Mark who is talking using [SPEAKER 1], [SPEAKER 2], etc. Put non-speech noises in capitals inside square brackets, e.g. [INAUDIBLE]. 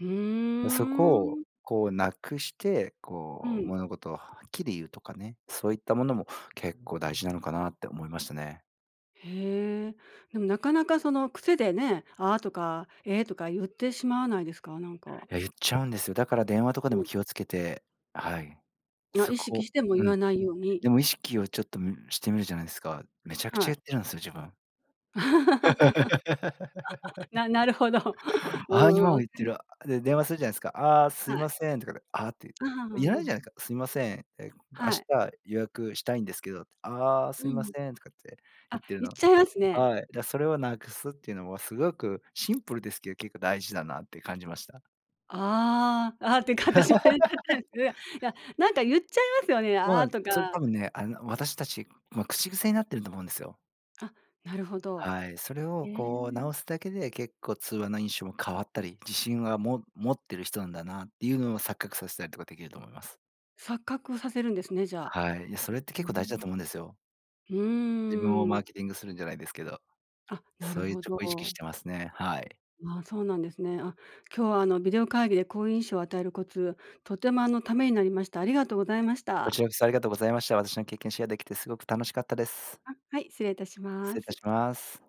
[SPEAKER 1] うー
[SPEAKER 2] そこを
[SPEAKER 1] ん。
[SPEAKER 2] こう無くして、
[SPEAKER 1] う
[SPEAKER 2] こう
[SPEAKER 1] ん。
[SPEAKER 2] 物事をはっきり言うとかね、そういったものも結構大事なのかなって思いましたね。
[SPEAKER 1] へえ、でもなかなかその癖でね「あ」とか「え」とか言ってしまわないですか？なんか。
[SPEAKER 2] 言っちゃうんですよだから電話とかで
[SPEAKER 1] う
[SPEAKER 2] も
[SPEAKER 1] ん。
[SPEAKER 2] 気をつけて、はい、
[SPEAKER 1] まあ、
[SPEAKER 2] そ
[SPEAKER 1] 意識
[SPEAKER 2] こ
[SPEAKER 1] しても
[SPEAKER 2] う
[SPEAKER 1] 言
[SPEAKER 2] ん、
[SPEAKER 1] わないように。
[SPEAKER 2] でも意識をちょっとしてみるじゃないですか。めちゃく
[SPEAKER 1] は
[SPEAKER 2] ちゃ
[SPEAKER 1] い。
[SPEAKER 2] 言ってるんですよ、自分。
[SPEAKER 1] [LAUGHS]
[SPEAKER 2] [LAUGHS]
[SPEAKER 1] ななるほど。[LAUGHS]
[SPEAKER 2] あ、今
[SPEAKER 1] う
[SPEAKER 2] も
[SPEAKER 1] ー
[SPEAKER 2] 言って
[SPEAKER 1] ん。
[SPEAKER 2] る。で、電話するじゃないすか。「ああ、すい
[SPEAKER 1] はい。
[SPEAKER 2] ません」とか、あって、
[SPEAKER 1] ああ
[SPEAKER 2] いらな
[SPEAKER 1] ああ
[SPEAKER 2] い
[SPEAKER 1] ああ。
[SPEAKER 2] じゃないですか。すいません明
[SPEAKER 1] はい。
[SPEAKER 2] 日予約したいんですけど、ああ、
[SPEAKER 1] う
[SPEAKER 2] すいま
[SPEAKER 1] ん。
[SPEAKER 2] せんとかって言
[SPEAKER 1] あ、
[SPEAKER 2] ってる
[SPEAKER 1] 言っ
[SPEAKER 2] の。
[SPEAKER 1] ちゃいますね。
[SPEAKER 2] はい、じゃそれをなくすっていうのはすごくシンプルですけど結構大事だなって感じました。
[SPEAKER 1] ああ、ああ、っていうか私も言っちゃ [UNINTELLIGIBLE] いや、
[SPEAKER 2] [LAUGHS]
[SPEAKER 1] なんか言っちゃいますよね、
[SPEAKER 2] そう
[SPEAKER 1] あ
[SPEAKER 2] な
[SPEAKER 1] あ、
[SPEAKER 2] んです
[SPEAKER 1] と
[SPEAKER 2] よ。それ
[SPEAKER 1] か。
[SPEAKER 2] 多分ね、あの、私達、ま、口癖になってると思うんですよ。
[SPEAKER 1] あ、なるほど、
[SPEAKER 2] はい、それ
[SPEAKER 1] え
[SPEAKER 2] をこう
[SPEAKER 1] え。
[SPEAKER 2] 直すだけで結構、通話の印象も変わったり、自信は、も持ってる人なんだなっていうのを錯覚させたりとかできると思います。
[SPEAKER 1] 錯覚をさせるんですね、じゃあ。
[SPEAKER 2] はい、それって
[SPEAKER 1] うー
[SPEAKER 2] 結構大事だと
[SPEAKER 1] ん。
[SPEAKER 2] 思うんですよ。
[SPEAKER 1] う
[SPEAKER 2] 自分を
[SPEAKER 1] ー
[SPEAKER 2] マ
[SPEAKER 1] ん。
[SPEAKER 2] ーケティングするんじゃないですけど、
[SPEAKER 1] あ、なる
[SPEAKER 2] そういう
[SPEAKER 1] ほ
[SPEAKER 2] ちょっと意識し
[SPEAKER 1] ど。
[SPEAKER 2] てますね。はい。
[SPEAKER 1] ああ、そうなんですね。あ、今日は、あの、ビデオ会議で好印象を与えるコツ、とても、あの、為になりました、ありがとうございまし
[SPEAKER 2] こ
[SPEAKER 1] た。
[SPEAKER 2] ちらこそありがとうございました。私の経験シェアできてすごく楽しかったです。
[SPEAKER 1] あ、はい、失礼いたし
[SPEAKER 2] 失
[SPEAKER 1] ま
[SPEAKER 2] 礼いたし
[SPEAKER 1] す。
[SPEAKER 2] ます。